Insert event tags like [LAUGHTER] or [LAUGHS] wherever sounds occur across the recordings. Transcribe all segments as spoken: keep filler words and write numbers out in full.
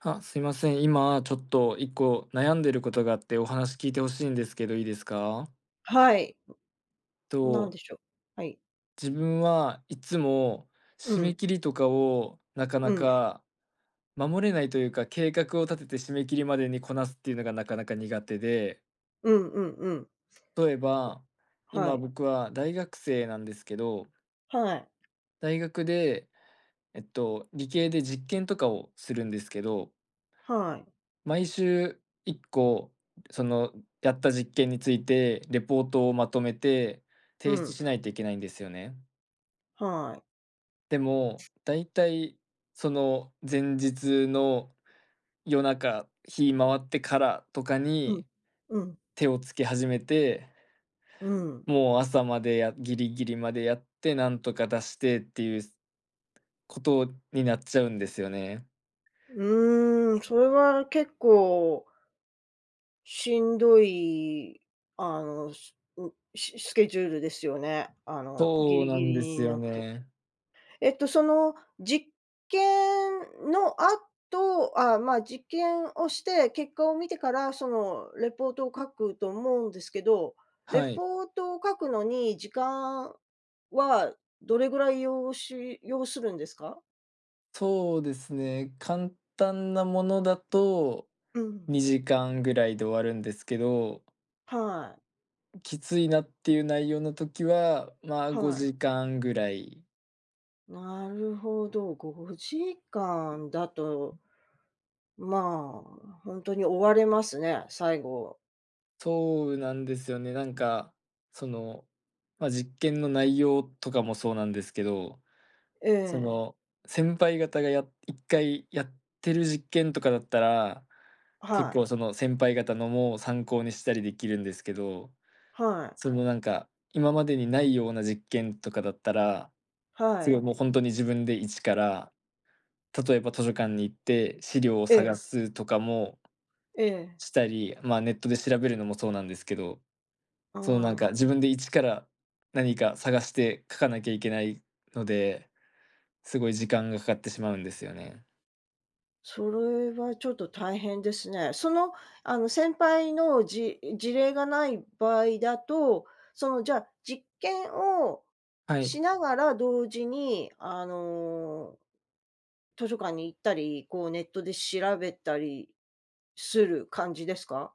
あ、すいません、今ちょっといっこ悩んでることがあって、お話聞いてほしいんですけど、いいですか？はい、何と。でしょう、はい。自分はいつも、う締めん。切りとかをなかうなん。か、守れないというか、計画を立てて締め切りまでにこなすっていうのがなかなか苦手でうんうんうん。例えば、は今い。僕は大学生なんですけどはい。大学で、えっと、理系で実験とかをするんですけどはい。毎週いっこ、そのやった実験についてレポートをまとめてう提出ん。しないといけないんですよね。はい。でも、大体、その前日の夜中、日回ってからとかうん、にうん。手をつけ始めて、うん。もう朝までやギリギリまでやって、なんとか出してっていうことになっちゃうんですよね。うーん、それは結構、しんどい、あの、すうしスケジュールですよね、あのギそうリなギんリですによなって。ね。えっとその実験の後、ああ、まあ、実験をして、結果を見てから、そのレポートを書くと思うんですけど、レはい。ポートを書くのに、時間はどれぐらい要し要するんですか？そうですね、簡単なものだと、うん。にじかんぐらいで終わるんですけど。はい。きついなっていう内容の時は、まあ、ごはい。じかんぐらい。なるほど、ごじかんだとまあ、ほんとに追われますね、最後。そうなんですよね、なんか、その、ま、実験の内容とかもそうなんですけど、えそえ。の先輩方がやいっかいやってる実験とかだったら、結はい。構その先輩方のも参考にしたりできるんですけど、はい。そのなんか、今までにないような実験とかだったら、はすごいい。もうほんとに自分で一から、例えば図書館に行って、資料をえ探え。すとかもええ。したり、まあ、ネットで調べるのもそうなんですけど、あそのなんん。か、自分で一から、何か探して書かなきゃいけないので、すごい時間がかかってしまうんですよね。それはちょっと大変ですね。その、あの、先輩のじ事例がない場合だと、そのじゃあ、実験をはい。しながら同時に、あの、図書館に行ったり、こうネットで調べたりする感じですか？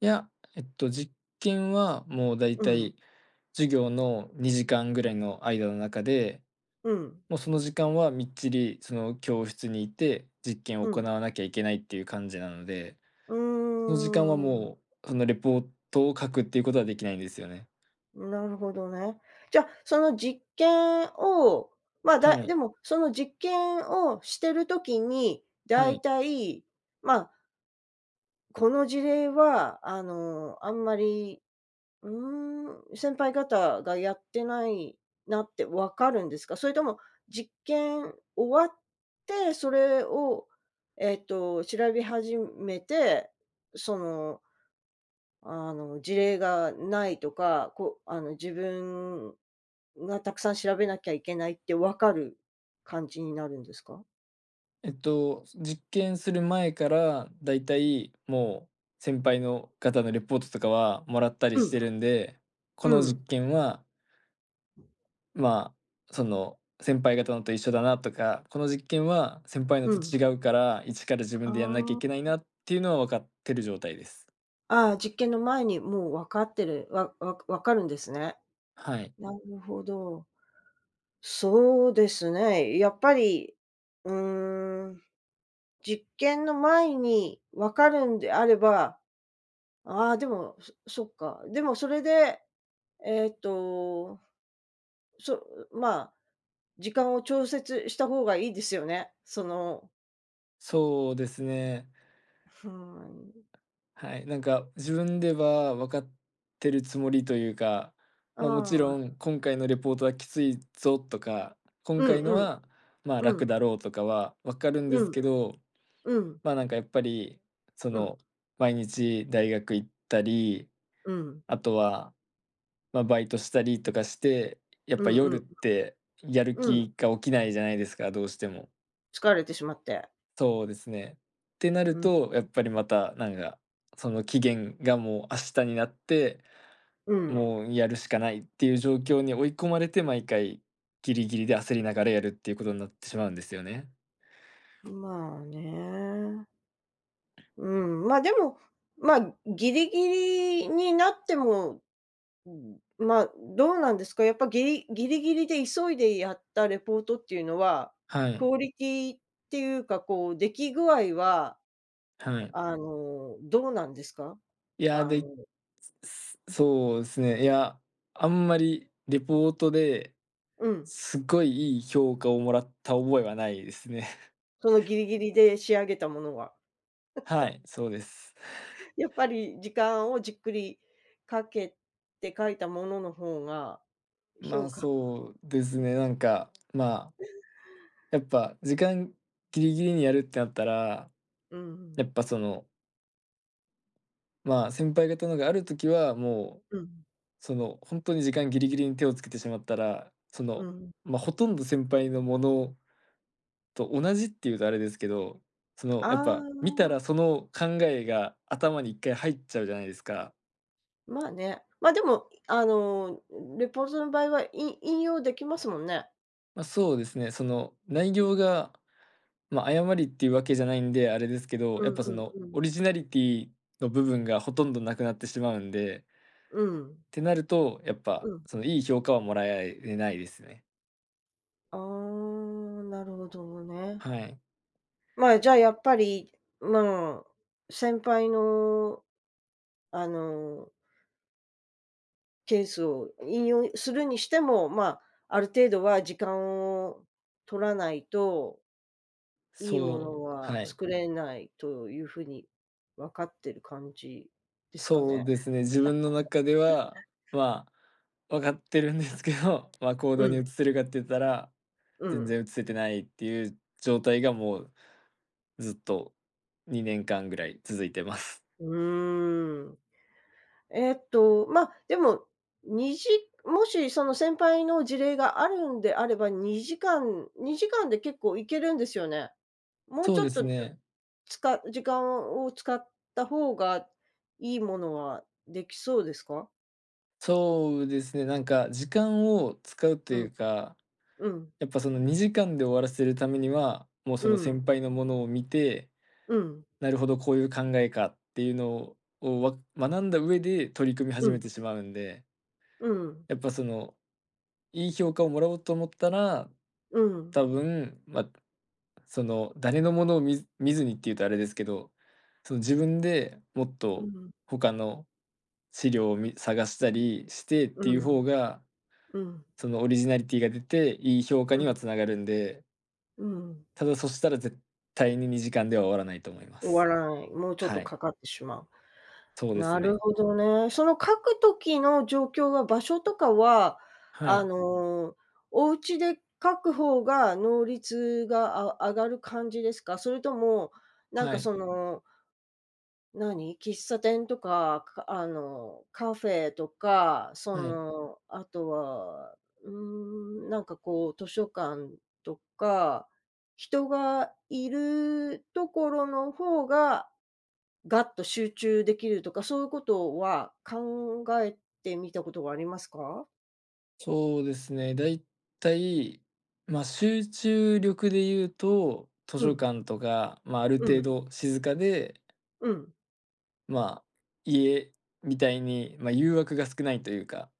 いや、えっと、実験はもう大うんうん。体、授業のにじかんぐらいの間の中で、うん。もうその時間はみっちり、その教室にいて、実験をう行ん。わなきゃいけないっていう感じなので、うその時間はーん。もう、そのレポートを書くっていうことはできないんですよね。なるほどね。じゃあ、その実験を、ま、はだ、い。でも、その実験をしてる時に、は大い。体、まあ。この事例はあの、あんまり、うーん、先輩方がやってないなってわかるんですか？それとも実験終わって、それを、えっと調べ始めて、そのあの、事例がないとか、こう、あの、自分がたくさん調べなきゃいけないって分かる感じになるんですか？えっと、す実験する前から大体もう、先輩の方のレポートとかは、もらったりうしてん。るんで。うこの実ん。験はまあ、その先輩方のと一緒だなとか、この実験は先輩のうとん。違うから、一から自あ分でやんなきゃいあ、けないあ。なっていうのはわかってる状態です。ああ、実験の前にもうわかってる、わわわかるんですね。はい。なるほど。そうですね、やっぱり、うーん。実験の前にわかるんであれば。ああ、でも、そそっか、でもそれで、えっと、そう、うまあ、時間を調節したほうがいいですよね、その。そうですね。ふーん。はい、なんか自分ではわかってるつもりというか、あまあ、もちろあ。ん今回のレポートはきついぞとか、今うん回のうん。は、まあう楽ん。だろうとかはわかるんでうすん。けど、うん。まあ、なんかやっぱり、そうん。の、毎日大学行ったり、うん。あとは、ま、バイトしたりとかして、やっうぱん夜うっん。て [UNINTELLIGIBLE] やるうん。気が起きないじゃないですか、どうしても。疲れてしまって。そうですね。てなるうーん。と、やっぱりまたなんか、その期限がもう明日になって、うん。もうやるしかないっていう状況に追い込まれて、毎回、ギリギリで焦りながらやるっていうことになってしまうんですよね。まあね。うん、まあ、でも、まあ、ギリギリになっても、うん、まあ、どうなんですか、やっぱギリギリギリで急いでやったレポートっていうのは、はクい。オリティっていうかこう出来具合は、はい。あのどうなんですか？いや、あので、そそうですね、いや、あんまりレポートで、うん。すごいいい評価をもらった覚えはないですね。そのギリギリで仕上げたものは。は [LAUGHS] い、そうです。[LAUGHS] やっぱり時間をじっくりかけて書いたもののほうが、ま評あ、価そうですね、なんか、まあ、[UNINTELLIGIBLE] やっぱ時間ぎりぎりにやるってなったら、うやん。っぱそのまあ、先輩方のがある時はもううん。そのほんとに時間ぎりぎりに手をつけてしまったら、そうの、ん。ま、ほとんど先輩のものと同じっていうとあれですけど、その、あやっぱ、見たあ。らその考えが頭にいっかい入っちゃうじゃないですか。まあね、ま、でも、いあの、ん、レポートの場合はい引用できますもんね。ま、そうですね、その内容が、ま、誤りっていうわけじゃないんであれですけど、うやっんぱそうんのうん。オリジナリティの部分がほとんどなくなってしまうんでうん。てなると、やっうぱ、ん。そのいい評価をもらやいえないですね。ああ、なるほどね。はい。まあ、じゃ、やっぱり、まあ、先輩のあのケースを引用するにしても、まあ、ある程度は時間を取らないといいものそう、ははい。作れないという風に分かってる感じですかそうね。ですね、自分の中で [CHUCKLES] は、まあ、分かってるんですけど、まあ、行う動にん。移せるかって言ったら、うんう全ん。然移せてないっていう状態がもう、ずっとにねんかんぐらい続いてます。ううーん。えっと、まあ、でも、にじもしその先輩の事例があるんであれば、にじかんにじかんで結構いけるんですよね。もうそちうょでっすと、ね。つか時間を使ったほうが、いいものはできそうですか？そうですね、なんか時間を使うとういん。うかうん。やっぱそのにじかんで終わらせるためには、もうそうのん。先輩のものを見て、うん。なるほど、こういう考えかっていうのを、はを学んだ上で取り組みう始めん。てしまうんでうん。やっぱその、いい評価をもらおうと思ったら、うん。多分、まあ、その、誰のものを見ず見ずにっていうとあれですけど、その自分でもっうとん。他の資料をみ探したりしてってういうん。方が、うん。そのオリジナリティが出て、いい評価うにはん。繋がるんでうん。ただ、そしたら絶対ににじかんでは終わらないと思いま終す。わらない、もうちょっはとい。かかってしまそうう。ですなるね。ほどね、その書く時の状況は、場所とかは、はあい。の、お家で書く方が能率があ上がる感じですか？それとも、なんはかい。その何、喫茶店とか、かあの、カフェとか、そはい。の、あとは、うーん、なんかこう図書館とか、人がいるところのほうが、ガッと集中できるとか、そういうことは考えてみたことはありますか？そうですね、大体、まあ、集中力でいうと、図う書ん。館とか、まあ、あるうん。程度静かでうん。まあ、家みたいに、ま、誘惑が少ないというか。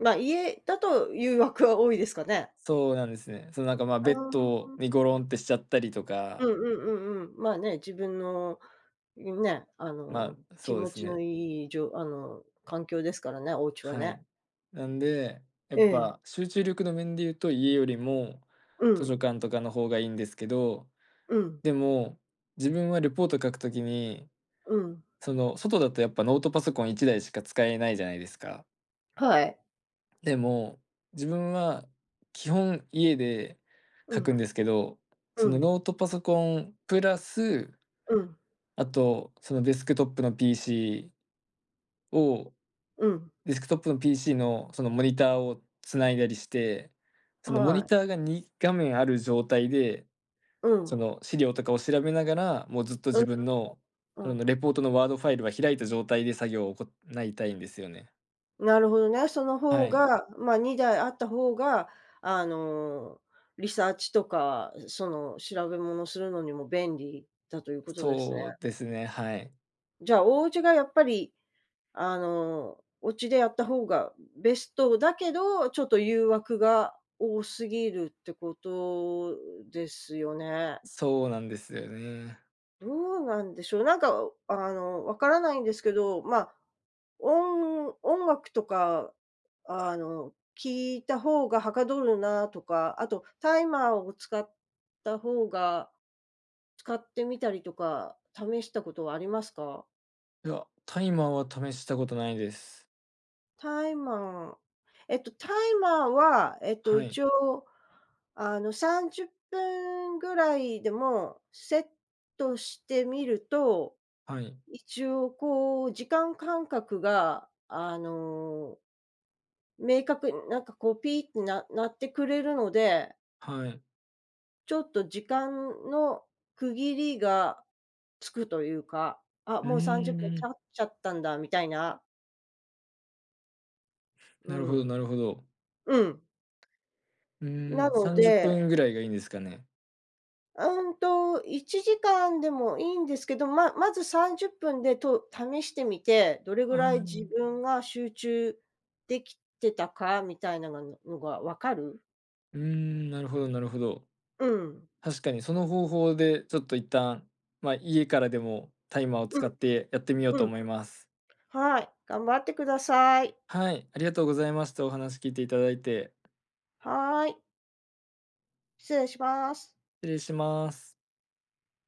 ま、家だと誘惑は多いですかね。そうなんですね。そのなんかまあ、あベッあ。ドあ、にゴロあ。ンってしちゃったりとうんか。うんうんうん。まあね、自分の、いんね、あまのあ、気そうで持すちのね。いいじょあの環境ですからね、お家ははね。い、なんで、やっええ。ぱ集中力の面で言うと家よりも、う図書ん。館とかの方がいいんですけど、うん。でも自分はレポート書く時にうん。その、外だとやっぱノートパソコンいちだいしか使えないじゃないですか。はい。でも、自分は、基本家でう書くん。んですけど、うそのん。ノートパソコン、プラス、うん。あと、そのデスクトップの PC をうん。デスクトップの PC の、そのモニターを繋いだりして、あ、そのモはニい。ターがにがめんある状態でうそん。の資料とかを調べながら、もうずっとう自ん、分の、あ、あそのん。のレポートのワードファイルは開いた状態で作業を行いたいんですよね。なるほどね、そのは方い。が、ま、にだいあった方が、あの、リサーチとか、その、調べ物するのにも、便利だと言う事ですね。そうですね、はい。じゃあ、お家がやっぱり、あの、お家でやった方が、ん、ベストだけど、ちょっと誘惑が、多すぎるって事ですよね。そうなんですよね。どうなんでしょう、何か、おうあの、分からないんですけど、まあ、おん音楽とか、あの、聞いた方が捗るなとか、後、タイマーを使った方が、使ってみたりとか、試した事はありますか？いや、タイマーは、試した事ないです。タイマー、えっと、タイマーは、えっと、はい。一応、あの、さんじゅっぷん位でも、セットしてみると、はい。一応こう、時間感覚が、あの明確に、何かこう、ピーってな鳴ってくれるのではい。ちょっと、時間の区切りがつくと言うか、あ、うもうさんじゅっぷんーちゃん。っちゃったんだ、みたいな。うなるほどん。なるほど。うん。うなーん、のさんじゅっぷでん位が、良いんですかね。うんと、いちじかんでも良いんですけど、まあ、まずさんじゅっぷんで、と試してみて、どれう位ー自ん。分が集中出来てたかみたいながのが分かる。うーん、なるほどなるほど、うん。確かに、その方法で、ちょっと一旦、ま、家からでも、タイマーをう使って、やってみようん。とうん。思います。はい、頑張って下さい。はい、ありがとうございました、お話聞いていただいて。はい。失礼します。失礼します。